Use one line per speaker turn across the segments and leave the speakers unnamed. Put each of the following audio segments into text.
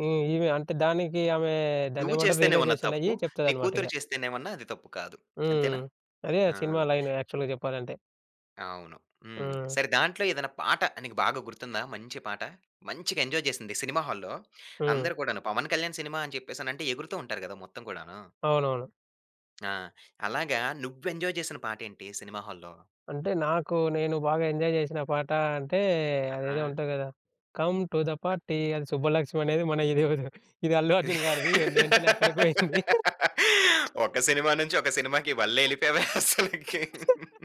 హ్మ్. ఈమె అంటే దానికి ఆమె
నువ్వు
దాన్నేమంటారు?
చేస్తేనేమన్నా
రియలైజేషన్ అయ్యి
తప్పు. నీ
చెప్తదన్నమాట ఇగ.
కూతురు చేస్తేనేమన్నా అది తప్పు కాదు. అంతేనా?
హ్మ్. అదే! ఆ
ఆ!
సినిమా లైన్ యాక్చువల్‌గా చెప్పాలంటే.
అవును. హ్మ్.
హ్మ్.
సరే దాంట్లో ఏదైనా పాట నీకు బాగా గుర్తుందా? మంచి పాట. మంచిగా ఎంజాయ్ చేసింది సినిమా హాల్‌లో.
హ్మ్.
అందరు కూడాను పవన్ కళ్యాణ్ సినిమా అని చెప్పేసనంటే ఎగురుతూ ఉంటారు కదా! మొత్తం కూడాను.
అవునవును.
ఆ! అలాగా నువ్వు ఎంజాయ్ చేసిన పాటేంటి సినిమా హాల్‌లో?
అంటే నాకు నేను బాగా ఎంజాయ్ చేసిన పాట అంటే, అదేదో
ఆ!
ఉంటది కదా! 'Come to the
uh
party' అది సుబ్బలక్ష్మి అనేది మన ఇది అల్లు అర్జున్ గారిది ఏం ఎంటోలే ఎక్కడికి పోయింది.
ఒక సినిమా నుంచి ఒక సినిమాకి వల్లే వెళ్ళిపోయావే అసలకి?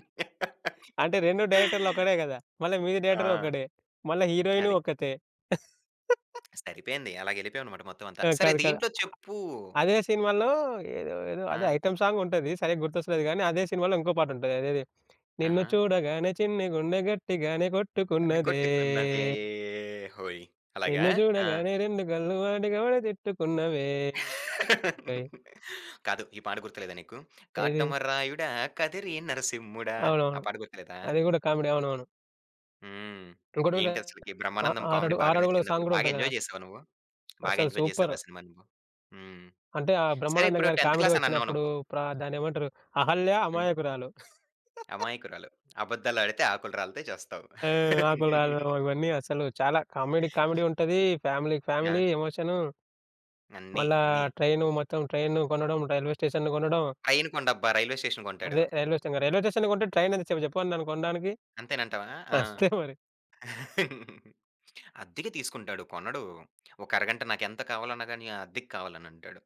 అంటే, 2 డైరెక్టర్లు ఒక్కడే కదా! మళ్ళా మ్యూజిక్
ఆ!
డైరెక్టర్ ఒక్కడే. మళ్ళా హీరోయిన్
అది.
ఒక్కతే.
సరిపోయింది. అలాగేళ్ళిపోయామన్నమాట మొత్తం అంతా.
ఆ!
సరే
కాదు. కదా అ
దీంట్లో చెప్పు?
అదే సినిమాలో ఏదో, ఏదో అదే
ఆ!
ఐటెమ్ సాంగ్ ఉంటది. సరిగ్గా గుర్తొస్తలేదు కానీ అదే సినిమాలో ఇంకో పాట ఉంటది. అదేది? నిన్ను
ఆహా!
చూడగానే చిన్ని గుండె గట్టిగానే
అని
కొట్టుకున్నదే.
కొట్టుకున్నదే హోయి! అలాగా.
నిన్ను
ఆ!
చూడగానే రెండు కళ్ళు వాటికవే తిట్టుకున్నవే హోయ్!
కాదు. ఈ పాట గుర్తులేదా నీకు?
ఏది?
కాటమరాయుడా కదిరి నరసింహుడా! ఆ
అవునవును.
పాట గుర్తులేదా?
అది కూడా కామెడీ అవునవును.
హ్మ్.
ఇంకోటి ఉంటది.
ఏంటి? అసలకి
ఆహ్,
బ్రహ్మానందం
ఆ
కామెడీ
ఆరడుగు
బాగా
ఆరడుగుల సాంగ్
నచ్చిందాప్పుడు
కూడా
బాగా
ఉంటది కదా!
ఎంజాయ్ చేసావా నువ్వు? బాగా
అసలు
ఎంజాయ్
సూపర్!
చేసావా సినిమా నువ్వు? హ్మ్.
అంటే, ఆ
సరే
బ్రహ్మానందం
ఇప్పుడు
గారి
10థ్
కామెడీ
క్లాస్ అని అన్నావు
వచ్చినప్పుడు
నువ్వు.
ప్ర దాన్నేమంటారు? అహల్య
హ్మ్.
అమాయకురాలు.
అమాయకురాలు. అబద్దాలు ఆడితే ఆకులు రాలతాయి చస్తావు.
ఆ! ఆకులు రాలడం ఇవన్నీ అసలు చాలా కామెడీ, కామెడీ ఉంటది. ఫ్యామిలీకి ఫ్యామిలీ
ఆ!
ఎమోషను.
అన్నీ.
మళ్ళా
అన్నీ.
ట్రైను మొత్తం ట్రైన్ను కొనడం. రైల్వే స్టేషన్‌ను కొనడం.
ట్రైన్ కొండబ్బా! రైల్వే స్టేషన్ కొంటాడు.
అదే! Railway station. రైల్వే స్టేషన్‌ని కొంటె ట్రైన్ ఎంత సేపు చెప్పు అన్న దన్ని కొనడానికి?
అంతేనంటావా? ఆ!
వస్తాయి మరీ.
అద్దెకి తీసుకుంటాడు కొనడు. ఒక అరగంట నాకేంత కావాలన్నా గాని ఆహ్, అద్దెకి కావాలనంటాడు.